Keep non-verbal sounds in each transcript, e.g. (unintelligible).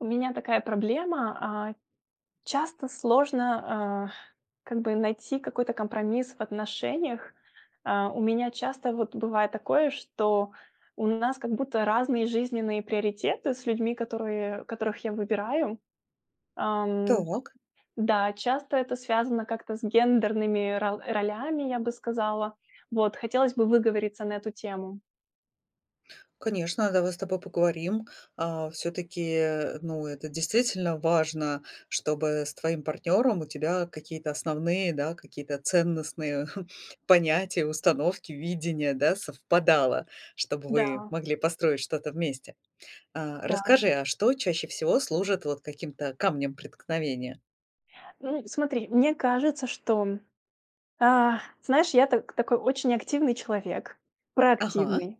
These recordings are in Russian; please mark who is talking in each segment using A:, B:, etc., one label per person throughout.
A: У меня такая проблема, а. Часто сложно, а, как бы найти какой-то компромисс в отношениях. А, у меня часто вот бывает такое, что у нас как будто разные жизненные приоритеты с людьми, которые которых я выбираю. Ам.
B: Так.
A: Да, часто это связано как-то с гендерными рол ролями, я бы сказала. Вот, хотелось бы выговориться на эту тему.
B: Конечно, давай с тобой поговорим. А, всё-таки, ну, это действительно важно, чтобы с твоим партнёром у тебя какие-то основные, да, какие-то ценностные (chuckles) понятия, установки, видения, да, совпадало, чтобы вы
A: Да.
B: могли построить что-то вместе. А
A: Да.
B: расскажи, а что чаще всего служит вот каким-то камнем преткновения?
A: Ну и смотри, мне кажется, что А, знаешь, я так такой очень активный человек,
B: Ага.
A: проактивный.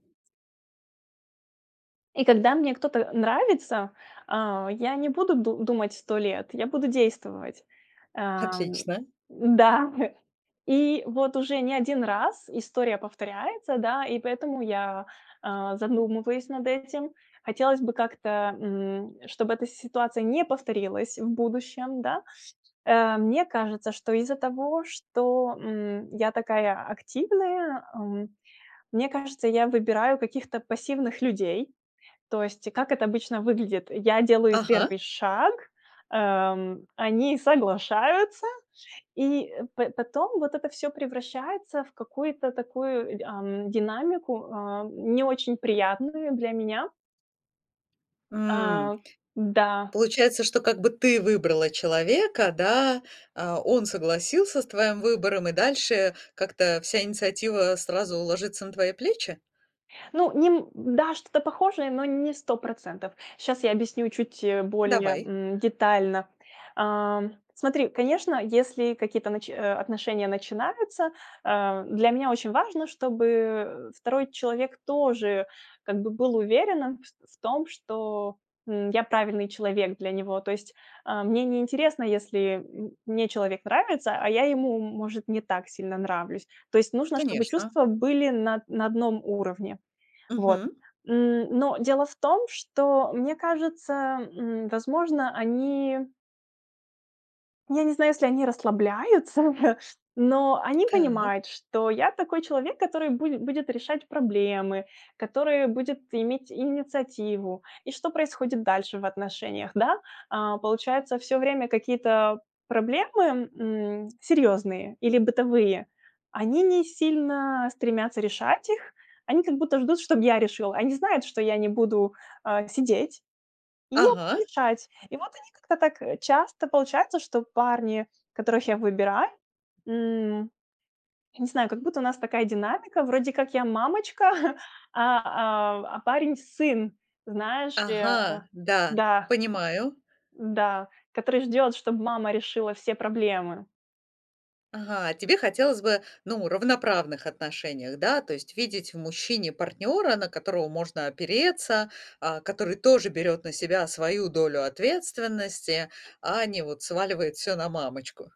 A: И когда мне кто-то нравится, а, я не буду ду думать 100 лет, я буду действовать. Ам.
B: Отлично.
A: Да, и вот уже не 1 раз история повторяется, да, и поэтому я, а, задумываюсь над этим. Хотелось бы как-то, м, чтобы эта ситуация не повторилась в будущем, да. А, мне кажется, что из-за того, что, м, я такая активная, м, мне кажется, я выбираю каких-то пассивных людей. То есть как это обычно выглядит? Я делаю
B: Ага.
A: первый шаг, ам, они соглашаются, и по потом вот это всё превращается в какую-то такую, й ам, динамику, а, не очень приятную для меня.
B: М.
A: А да.
B: Получается, что как бы ты выбрала человека, да, а он согласился с твоим выбором и дальше как-то вся инициатива сразу ложится на твои плечи?
A: Ну, нем да, что-то похожее, но не 100 %. Сейчас я объясню чуть более,
B: Давай.
A: м, детально. Ам, смотри, конечно, если какие-то нач а, отношения начинаются, а, для меня очень важно, чтобы второй человек тоже как бы был уверенным в в том, что, м, я правильный человек для него. То есть, а, мне не интересно, если, м, мне человек нравится, а я ему, может, не так сильно нравлюсь. То есть нужно, чтобы
B: Конечно.
A: чувства были на на одном уровне. Вот.
B: Мгм.
A: М, но дело в том, что, мне кажется, м, возможно, они Я не знаю, если они расслабляются, (chuckles) но они
B: Так.
A: понимают, что я такой человек, который буде будет решать проблемы, который будет иметь инициативу. И что происходит дальше в отношениях, да? А получается, всё время какие-то проблемы, м, серьёзные или бытовые, они не сильно стремятся решать их. Они как будто ждут, чтоб я решила. Они знают, что я не буду, а, сидеть, и я буду
B: Ага.
A: решать. И вот они как-то так, э, часто получается, что парни, которых я выбираю, м, не знаю, как будто у нас такая динамика, вроде как я мамочка, (chuckles) а а а парень- сын, знаешь ли, э
B: Ага, да,
A: Да.
B: понимаю.
A: Н-да. Который ждёт, чтоб мама решила все проблемы.
B: Ага, тебе хотелось бы, ну, равноправных отношениях, да? То есть видеть в мужчине партнёра, на которого можно опереться, а, который тоже берёт на себя свою долю ответственности, а не вот сваливает всё на мамочку?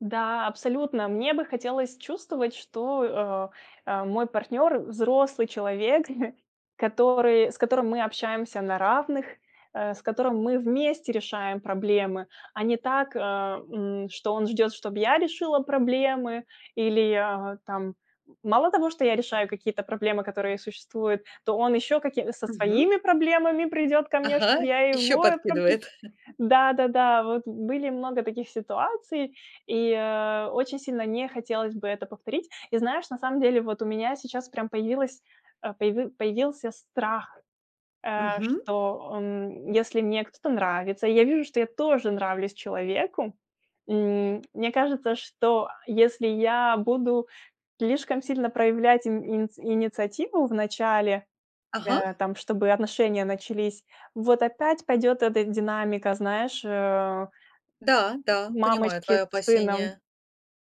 A: Да, абсолютно. Мне бы хотелось чувствовать, что, э, а, мой партнер- взрослый человек, (chuckles) который с которым мы общаемся на равных, э, с которым мы вместе решаем проблемы, а не так, э, м, что он ждет, чтоб я решила проблемы или, а, там, м, мало того, что я решаю какие-то проблемы, которые существуют, то он еще каки со
B: Мгм.
A: своими проблемами придет ко мне,
B: Ага,
A: чтобы я
B: ещё
A: его.
B: подкидывает.
A: (unintelligible)
B: (chuckles)
A: Да-да-да, вот были много таких ситуаций, и, а, очень сильно не хотелось бы это повторить. И знаешь, на самом деле, вот у меня сейчас прям появилась, а, появи появился страх, э,
B: Мгм.
A: что, эм, если мне кто-то нравится и я вижу, что я тоже нравлюсь человеку, м, мне кажется, что если я буду слишком сильно проявлять ин иниц инициативу в начале,
B: Ага.
A: э, там, чтобы отношения начались, вот опять пойдет эта динамика, знаешь, э
B: Да, да, понимаю
A: Мамочки
B: твое
A: с сыном.
B: опасение.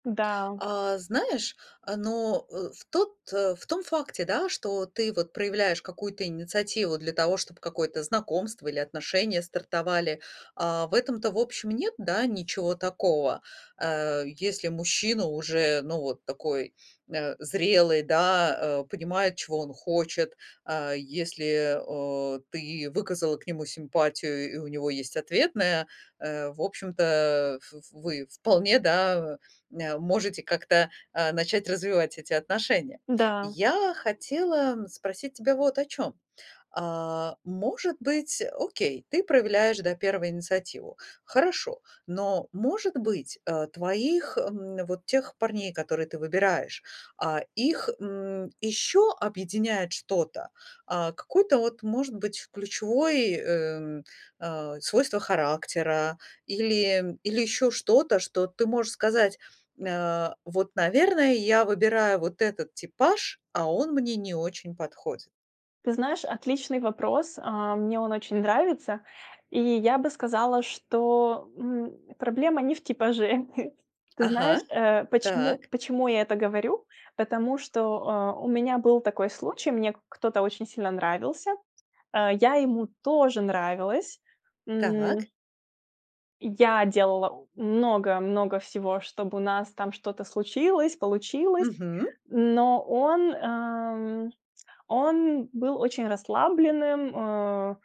A: Да.
B: А знаешь, а ну, э, в тот э, в том факте, да, что ты вот проявляешь какую-то инициативу для того, чтоб какое-то знакомство или отношения стартовали, а, в этом-то, в общем, нет, да, ничего такого. А, если мужчина уже, ну, вот такой, а, зрелый, да, э, понимает, чего он хочет, а если, а, ты выказала к нему симпатию, и у него есть ответная, э, в общем-то, ф вы вполне, да, э, можете как-то, а, начать развивать эти отношения.
A: Да.
B: Я хотела, м, спросить тебя вот о чем. А может быть, окей, ты проявляешь, да, 1 инициативу. Хорошо, но, может быть, э, твоих, м, вот тех парней, которые ты выбираешь, а их, м, еще объединяет что-то? А, какое-то вот, может быть, ключевой, эм, а, свойство характера или, м, или ещё что-то, что ты можешь сказать: "А, вот, наверное, я выбираю вот этот типаж, а он мне не очень подходит"?
A: Ты знаешь, отличный вопрос, а, мне он очень нравится. И я бы сказала, что, м, проблема не в типаже. (chuckles) Ты знаешь,
B: Ага,
A: э, почему
B: так.
A: почему я это говорю? Потому что, э, у меня был такой случай, мне к кто-то очень сильно нравился, э, я ему тоже нравилась, м
B: Так.
A: Я делала у много-много всего, чтобы у нас там что-то случилось, получилось.
B: Мгм.
A: Но он, ам, он был очень расслабленным, а,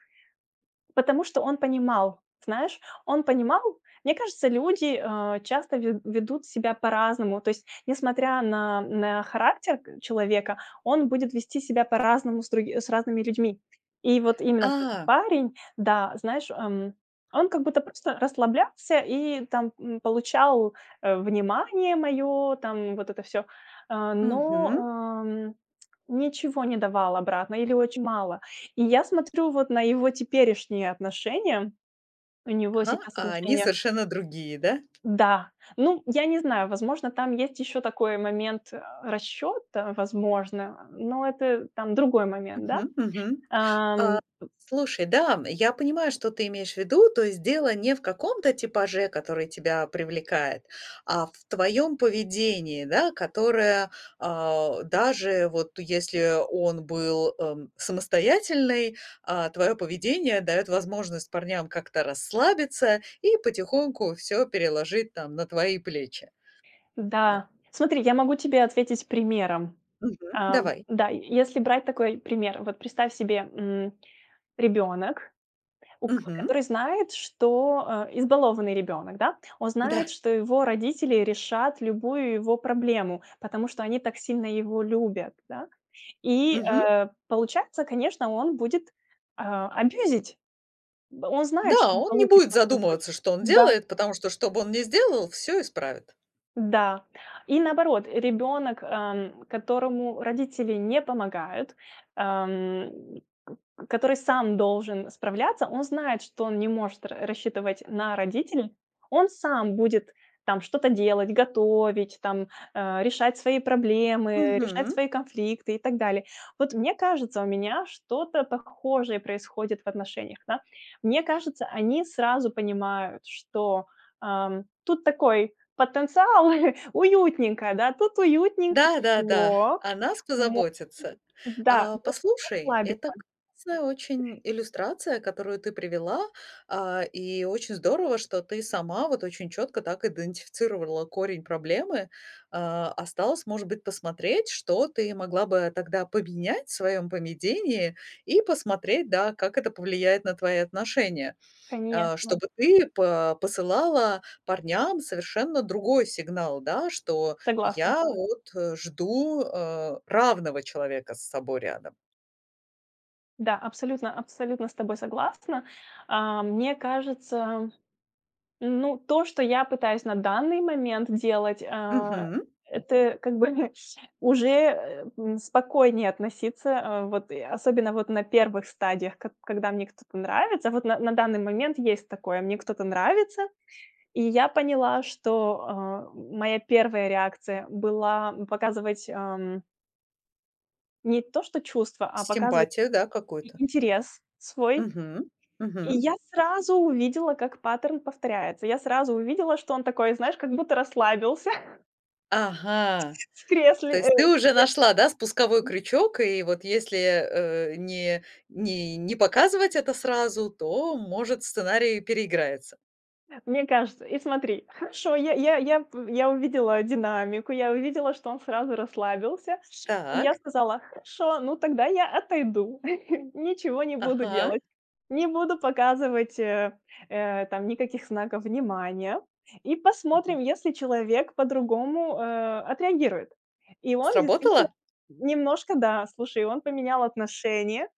A: потому что он понимал, знаешь, он понимал. Мне кажется, люди, а, часто ве ведут себя по-разному, то есть, несмотря на, м, э, характер к человека, он будет вести себя по-разному с други с разными людьми. И вот именно вот этот
B: А!
A: парень, да, знаешь, ам, он как будто просто расслаблялся и там, м, получал, э, внимание мое там, вот это всё, а, но,
B: Мгм.
A: ам, ничего не давал обратно или очень мало. И я смотрю вот на его теперешние отношения. У него
B: Ага,
A: сейчас
B: а они
A: отношения.
B: совершенно другие, да?
A: Да, ну, я не знаю, возможно, там есть ещё такой момент, а, расчёта, возможно. Но это там другой момент, да?
B: Мгм, мгм. А,
A: Ам, п
B: слушай, да, м, я понимаю, что ты имеешь в виду. То есть дело не в каком-то типаже, который тебя привлекает, а в твоем поведении, да, которое, а, даже вот если он был, ам, самостоятельный, а твое поведение дает возможность парням как-то расслабиться и потихоньку всё переложить там на твои плечи. Да.
A: Да, смотри, я могу тебе ответить примером,
B: Мгм.
A: ам.
B: Давай.
A: Да, е если брать такой пример, вот представь себе, м, ребёнок, у к
B: Мгм.
A: который знает, что, а, избалованный ребёнок, да, он знает,
B: Да.
A: что его родители решат любую его проблему, потому что они так сильно его любят, да. И,
B: Мгм.
A: э, получается, конечно, он будет, а, абьюзить. Он знает,
B: Да,
A: что он
B: он не
A: получит
B: будет
A: то, что
B: задумываться,
A: хочет.
B: что он
A: Да.
B: делает, потому что, что бы он ни сделал, всё исправят.
A: Да. И наоборот, ребенок, ам, которому родители не помогают, ам, к к который сам должен справляться, он знает, что он не может ра рассчитывать на родителей. Он сам будет там что-то делать, готовить там, а, решать свои проблемы, решать
B: Мгм.
A: свои конфликты и так далее. Вот мне кажется, у меня что-то похожее происходит в отношениях, да. Мне кажется, они сразу понимают, что, ам, тут такой потенциал, (chuckles) уютненько, да. Тут уютненько,
B: Да-да-да,
A: тепло,
B: о нас
A: мо
B: позаботятся.
A: да,
B: А,
A: можно
B: послушай,
A: расслабиться.
B: это классная очень иллюстрация, которую ты привела, а, и очень здорово, что ты сама вот очень чётко так идентифицировала корень проблемы. А, осталось, может быть, посмотреть, что ты могла бы тогда поменять в своём поведении и посмотреть, да, как это повлияет на твои отношения, а,
A: Конечно.
B: чтобы ты по посылала парням совершенно другой сигнал, да, что
A: Согласна.
B: я вот, э, жду, э, равного человека с собой рядом.
A: Да, абсолютно абсолютно с тобой согласна. А, мне кажется, м, ну, то, что я пытаюсь на данный момент делать, а,
B: Мгм.
A: это как бы (chuckles) уже, э, м, спокойнее относиться, а, вот, и особенно вот на 1 стадиях, как когда мне кто-то нравится. Вот на на данный момент есть такое: мне кто-то нравится. И я поняла, что, э, м моя 1 реакция была показывать, ам Не то что чувства, а показывать
B: Симпатия, да,
A: и
B: какой-то?
A: интерес свой.
B: Мгм,
A: И
B: мгм.
A: я сразу увидела, как паттерн повторяется. И я сразу увидела, что он такой, знаешь, как будто расслабился. (chuckles)
B: Ага,
A: В кресле,
B: то
A: э,
B: есть ты
A: в
B: уже нашла, да, спусковой
A: кре
B: крючок, и вот если, э, не не не показывать это сразу, то, может, сценарий переиграется.
A: Мне кажется. И смотри, хорошо, я я я в я увидела динамику, я увидела, что он сразу расслабился, и я
B: Так.
A: сказала: "Хорошо, ну тогда я отойду". (chuckles) Ничего не буду
B: Ага.
A: делать, не буду показывать, э, э, там, никаких знаков внимания. И
B: Мгм.
A: посмотрим, если человек по-другому, э, отреагирует. И он действительно
B: Сработало?
A: немножко да, слушай, он поменял отношение,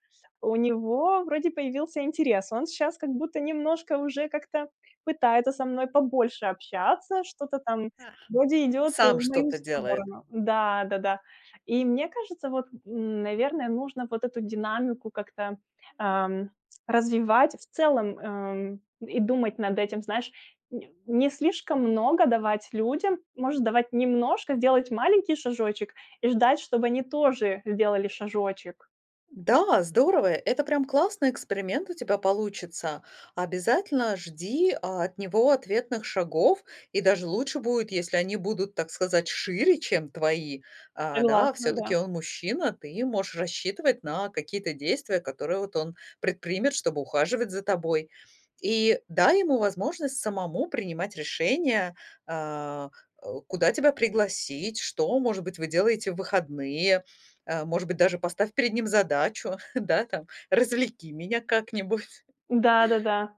A: у него вроде появился интерес, он щас, как будто немножко уже как-то пытается со мной побольше общаться, что-то там
B: Ага.
A: вроде идёт, э,
B: Сам
A: в мою
B: что-то делает?
A: сторону. Да-да-да. И мне кажется, вот, м, наверное, нужно вот эту динамику как-то, ам, развивать в целом, эм, и думать над этим. Знаешь, не не слишком много давать людям, может, давать немножко, сделать маленький шажочек и ждать, чтобы они тоже сделали шажочек.
B: Да, здорово. Это прям классный эксперимент у тебя получится. Обязательно жди от него ответных шагов, и даже лучше будет, если они будут, так сказать, шире, чем твои. А, да,
A: Согласна,
B: всё-таки
A: да.
B: он мужчина, ты можешь рассчитывать на какие-то действия, которые вот он предпримет, чтобы ухаживать за тобой. И дай ему возможность самому принимать решения, а, у куда тебя пригласить, что, может быть, вы делаете в выходные, а, может быть, даже поставь перед ним задачу, (chuckles) да, там, развлеки меня как-нибудь.
A: Да-да-да.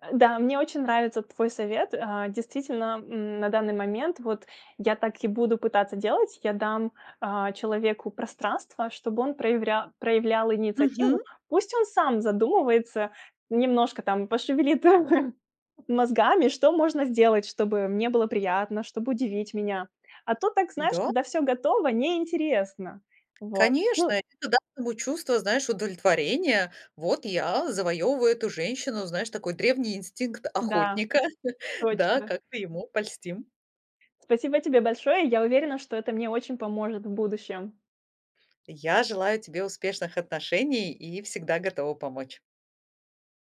A: А, да, мне очень нравится твой совет, а, действительно, м, на данный момент, вот, я так и буду пытаться делать. Я дам, а, человеку пространство, чтобы он прояврял проявлял инициативу.
B: Мгм.
A: Пусть он сам задумывается, немножко там пошевелит (chuckles) мозгами, что можно сделать, чтобы мне было приятно, чтобы удивить меня. А то так, знаешь,
B: М-да.
A: когда всё готово, неинтересно. Вот,
B: Конечно,
A: ну
B: это даст ему чувство, знаешь, удовлетворения. Вот я завоёвываю эту женщину, знаешь, такой древний инстинкт
A: Да,
B: охотника. (chuckles) Да,
A: точно.
B: как-то ему польстим.
A: Спасибо тебе большое. Я уверена, что это мне очень поможет в будущем.
B: Я желаю тебе успешных отношений и всегда готова помочь.